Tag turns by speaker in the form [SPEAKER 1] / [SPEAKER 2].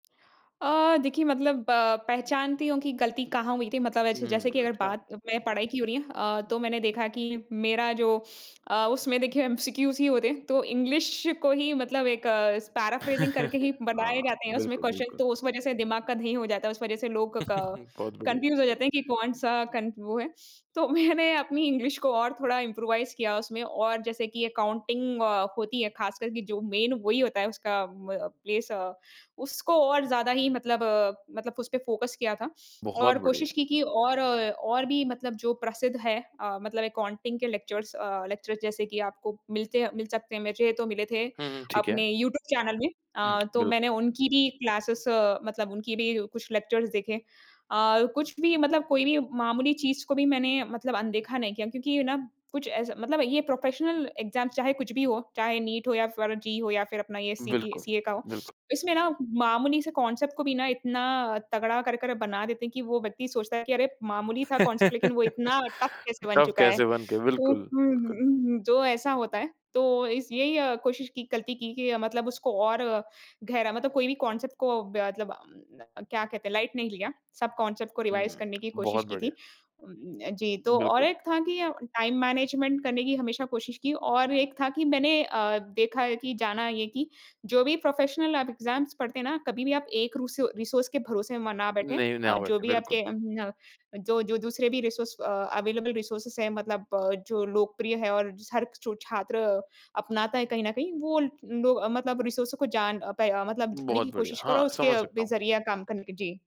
[SPEAKER 1] अ, देखिए मतलब पहचानती हूँ कि गलती कहाँ हुई थी मतलब ऐसे
[SPEAKER 2] हुँ,
[SPEAKER 1] जैसे कि अगर
[SPEAKER 2] अच्छा।
[SPEAKER 1] बात मैं पढ़ाई की हो रही है अ, तो मैंने देखा कि मेरा जो अ, उसमें देखिए एमसीक्यूज़ ही होते हैं, तो इंग्लिश को ही मतलब एक इस पैराफ्रेजिंग करके ही बनाये
[SPEAKER 2] हाँ।
[SPEAKER 1] जाते हैं उसमें
[SPEAKER 2] बिल्कुल,
[SPEAKER 1] क्वेश्चन
[SPEAKER 2] बिल्कुल।
[SPEAKER 1] तो उस वज़ह से दिमाग का दही हो जाता है उस वज़ह से लोग क
[SPEAKER 2] बहुत बढ़िया।
[SPEAKER 1] कन्फ्यूज हो जाते हैं कि कौन-सा कन वो है? तो मैंने अपनी इंग्लिश को और थोड़ा इम्प्रोवाइज़ किया उसमें और जैसे कि अकाउंटिंग अ, होती है ख़ासकर कि जो मैं वही होता है उसका उम, म प्लेस अ, उसको और ज़्यादा ही मतलब मतलब उसपे फ़ोकस किया था,
[SPEAKER 2] बहुत
[SPEAKER 1] और
[SPEAKER 2] बढ़िया।
[SPEAKER 1] कोशिश की कि और और भी मतलब जो प्रसिद्ध है अ, मतलब अकाउंटिंग के लेक्चरर्स अ, लेक्चरर्स जैसे कि आपको मिलते हैं मिल सकते हैं वैसे तो मिले थे
[SPEAKER 2] हुँ, हुँ, ठीक है।
[SPEAKER 1] अपने यूट्यूब चैनल में
[SPEAKER 2] हुँ,
[SPEAKER 1] अ, तो
[SPEAKER 2] बिल्कुल।
[SPEAKER 1] मैंने उनकी भी क्लासेज़ मतलब उनकी भी कुछ लेक्चर्स देखे। अ, कुछ भी मतलब कोई भी मामूली चीज़ को भी मैंने मतलब अनदेखा नहीं किया क्योंकि ये ना कुछ ऐसा मतलब ये प्रोफ़ेशनल एग्ज़ाम चाहे कुछ भी हो, चाहे नीट हो या फिर जी हो या फिर अपना ये सीपी
[SPEAKER 2] बिल्कुल,
[SPEAKER 1] सीए का हो
[SPEAKER 2] बिल्कुल।
[SPEAKER 1] इसमें ना मामूली से कॉन्सेप्ट को भी ना इतना तगड़ा कर कर बना देते हैं कि वो व्यक्ति सोचता है कि अरे मामूली था कॉन्सेप्ट लेकिन वो इतना टफ कैसे बन
[SPEAKER 2] टफ
[SPEAKER 1] चुका है?
[SPEAKER 2] कैसे बन के
[SPEAKER 1] तो
[SPEAKER 2] बिल्कुल,
[SPEAKER 1] उम
[SPEAKER 2] बिल्कुल।
[SPEAKER 1] उम, जो ऐसा होता है, तो इस यही कोशिश की गलती की कि मतलब उसको और गहरा मतलब कोई भी कॉन्सेप्ट को ब मतलब उम, क्या कहते हैं लाइट नहीं लिया सब कॉन्सेप्ट को रिवाइज़
[SPEAKER 2] हुँ,
[SPEAKER 1] करने की कोशिश
[SPEAKER 2] बहुत
[SPEAKER 1] की
[SPEAKER 2] बढ़िया।
[SPEAKER 1] थी। उम, जी तो और
[SPEAKER 2] बिल्कुल।
[SPEAKER 1] एक था कि टाइम मैनेजमेंट करने की हमेशा कोशिश की और एक था कि मैंने अ, देखा है कि जाना है कि जो भी प्रोफ़ेशनल आप एग्ज़ाम्स पढ़ते हैं ना कभी-भी आप एक रूसो रिसोर्स के भरोसे में ना
[SPEAKER 2] नहीं,
[SPEAKER 1] बैठे,
[SPEAKER 2] नहीं।
[SPEAKER 1] अ,
[SPEAKER 2] ना
[SPEAKER 1] जो
[SPEAKER 2] बैठे,
[SPEAKER 1] भी
[SPEAKER 2] बिल्कुल।
[SPEAKER 1] आपके उम, जो जो दूसरे भी रिसोर्स अवेलेबल रिसोर्सेज़ हैं मतलब जो लोकप्रिय है और हर सु छात्र अपनाता है कहीं न कहीं वो लो मतलब रिसोर्सो को जान प मतलब जानने
[SPEAKER 2] बहुत
[SPEAKER 1] की
[SPEAKER 2] बढ़िया।
[SPEAKER 1] कोशिश करो
[SPEAKER 2] हाँ,
[SPEAKER 1] और उसके
[SPEAKER 2] समझ सकता
[SPEAKER 1] भी
[SPEAKER 2] हूँ।
[SPEAKER 1] ज़रिए काम करने की। जी।